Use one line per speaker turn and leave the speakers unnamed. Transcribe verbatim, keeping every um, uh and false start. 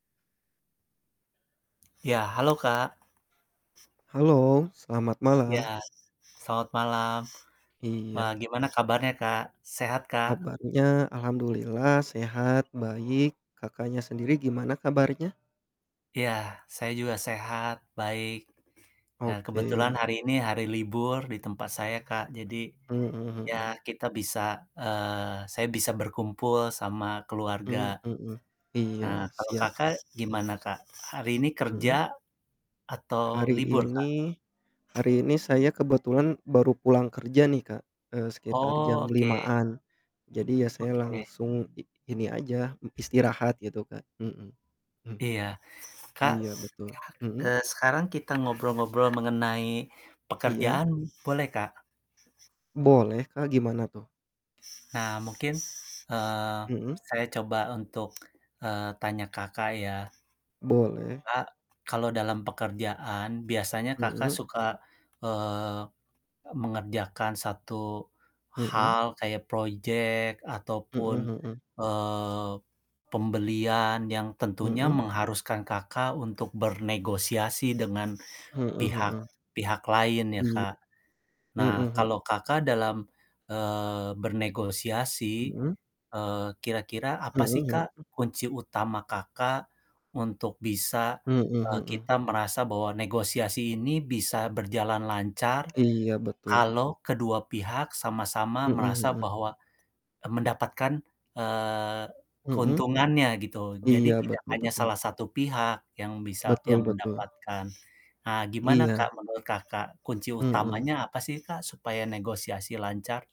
Ya, halo, Kak.
Halo, selamat malam.
Ya, selamat malam. Wah,
Iya.
gimana kabarnya Kak, sehat, Kak?
Kabarnya alhamdulillah sehat, baik. Kakaknya sendiri gimana kabarnya?
Ya saya juga sehat, baik, eee, kebetulan
Oke.
hari ini hari libur di tempat saya Kak, jadi
Mhm,
ya
hmm.
kita bisa eee, saya bisa berkumpul sama keluarga.
Mmm, hmm, iya
Eee, kalau
siap,
Kakak
Kak.
gimana Kak? Hari ini kerja
Hmm.
atau
Hari
libur Kak?
ini hari ini saya kebetulan baru pulang kerja nih Kak, eee, sekitar
Oh
jam
oke.
lima-an jadi ya saya
Oke.
langsung i ini aja istirahat gitu Kak, hmm
Iya. Kak,
Iya, betul, hmm?
eee, sekarang kita ngobrol-ngobrol mengenai
Iya.
pekerjaan boleh, Kak?
Boleh Kak gimana tuh?
Nah mungkin, eee,
Hmm.
saya coba untuk, eee, tanya Kakak ya.
Boleh.
Kak kalau dalam pekerjaan biasanya Kakak
Hmm.
suka, eee, mengerjakan satu
Hmm.
hal kayak project
Hmm
ataupun,
hmm.
eee, pembelian yang tentunya
Hmm.
mengharuskan Kakak untuk bernegosiasi dengan
Hmm
pihak
hmm.
pihak lain ya,
Iya,
Kak.
hmm
Nah
hmm.
kalau Kakak dalam, eee, bernegosiasi,
Hmm.
eee, kira-kira apa sih
Hmm
Kak
hmm.
kunci utama Kakak untuk bisa,
Hmm
eee,
hmm.
kita merasa bahwa negosiasi ini bisa berjalan lancar
Iya, betul.
kalau kedua pihak sama-sama
Hmm
merasa
hmm.
bahwa, e mendapatkan, eee,
Hmm.
keuntungannya gitu.
Iya,
Jadi tidak
betul
hanya
betul.
salah satu pihak yang bisa
Betul
yang
betul.
mendapatkan. Nah gimana
Iya.
Kak menurut Kakak kunci
Mhm.
utamanya apa sih Kak supaya negosiasi lancar?